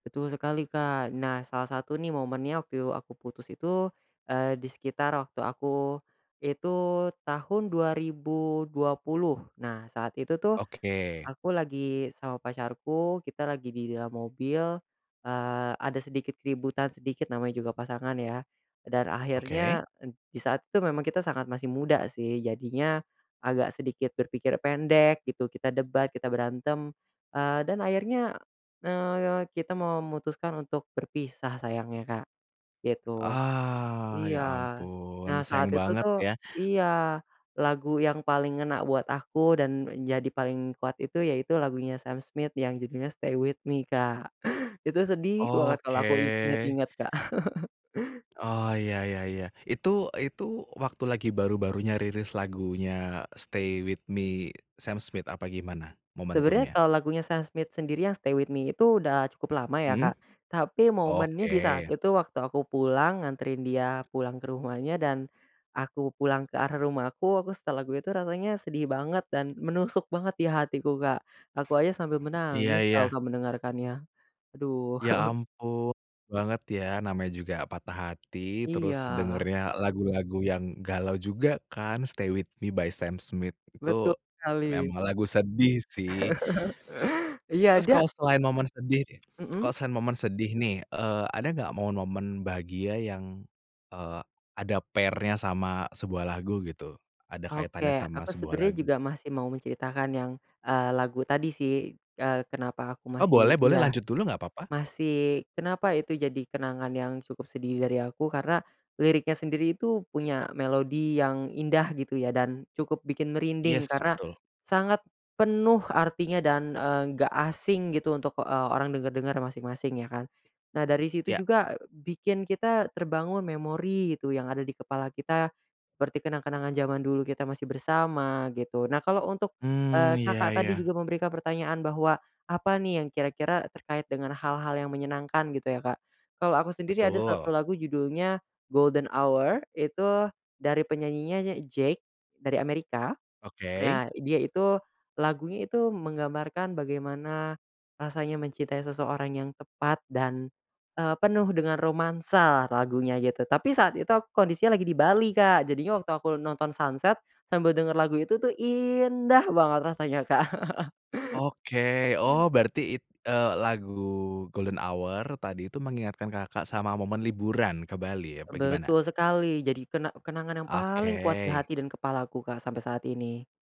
Betul sekali Kak, nah salah satu nih momennya waktu aku putus itu, eee, di sekitar waktu aku, itu tahun 2020, nah saat itu tuh, Oke. aku lagi sama pacarku, kita lagi di dalam mobil, eee, ada sedikit keributan sedikit namanya juga pasangan ya, dan Oke. akhirnya di saat itu memang kita sangat masih muda sih, jadinya, agak sedikit berpikir pendek gitu, kita debat, kita berantem, eee, dan akhirnya, eee, kita memutuskan untuk berpisah sayangnya Kak, gitu. Ah, ya Iya ampun nah sayang saat itu banget tuh ya. iya lagu yang paling ngena buat aku dan menjadi paling kuat itu yaitu lagunya Sam Smith yang judulnya "Stay with Me" Kak, itu sedih banget Oke. kalau aku inget-inget Kak. Oh iya iya iya itu itu waktu lagi baru-barunya rilis lagunya "Stay With Me" Sam Smith apa gimana Sebenarnya momentumnya? kalau lagunya Sam Smith sendiri yang "Stay with Me" itu udah cukup lama ya Mhm, Kak, tapi momennya di saat oke. itu waktu aku pulang nganterin dia pulang ke rumahnya dan, aku pulang ke arah rumahku, aku setel lagu itu rasanya sedih banget dan menusuk banget di hatiku Kak. Aku aja sambil Iya menangis tau iya. gak mendengarkannya, aduh. Ya ampun, banget ya namanya juga patah hati terus Iya. dengernya lagu-lagu yang galau juga kan "Stay with Me" by Sam Smith itu, Betul sekali. emang lagu sedih sih. Iya Terus dia kalau selain momen sedih deh Mhm. kalau selain momen sedih nih, eee, ada gak momen-momen bahagia yang, eee, ada pair-nya sama sebuah lagu gitu? Ada kaitannya Oke sama aku sebuah sebenarnya lagu? juga masih mau menceritakan yang, eee, lagu tadi sih, eee, kenapa aku Oh boleh masih boleh iya, lanjut dulu nggak papa. masih kenapa itu jadi kenangan yang cukup sedih dari aku karena liriknya sendiri itu punya melodi yang indah gitu ya dan cukup bikin merinding Yes karena, betul. sangat penuh artinya dan, eee, enggak asing gitu untuk, eee, orang dengar-dengar masing-masing ya kan. Nah dari situ Ya. juga bikin kita terbangun memori gitu yang ada di kepala kita, seperti kenang-kenangan jaman dulu kita masih bersama gitu, nah kalau untuk, eee, Mmm, ya Kakak tadi ya. juga memberikan pertanyaan bahwa, apa nih yang kira-kira terkait dengan hal-hal yang menyenangkan gitu ya Kak, kalau aku sendiri ada 1 Betul. lagu judulnya "Golden Hour" itu dari penyanyinya JVKE, dari Amerika. Oke. Nah dia itu lagunya itu menggambarkan bagaimana, rasanya mencintai seseorang yang tepat dan, eee, penuh dengan romansa lagunya gitu, tapi saat itu kondisinya lagi di Bali Kak jadinya waktu aku nonton sunset, sambil denger lagu itu tuh indah banget rasanya Kak. Oke oh berarti it eee, lagu Golden Hour tadi itu mengingatkan Kakak sama momen liburan ke Bali apa gimana? Betul sekali jadi kena kenangan yang Oke. paling kuat di hati dan kepalaku Kak sampai saat ini.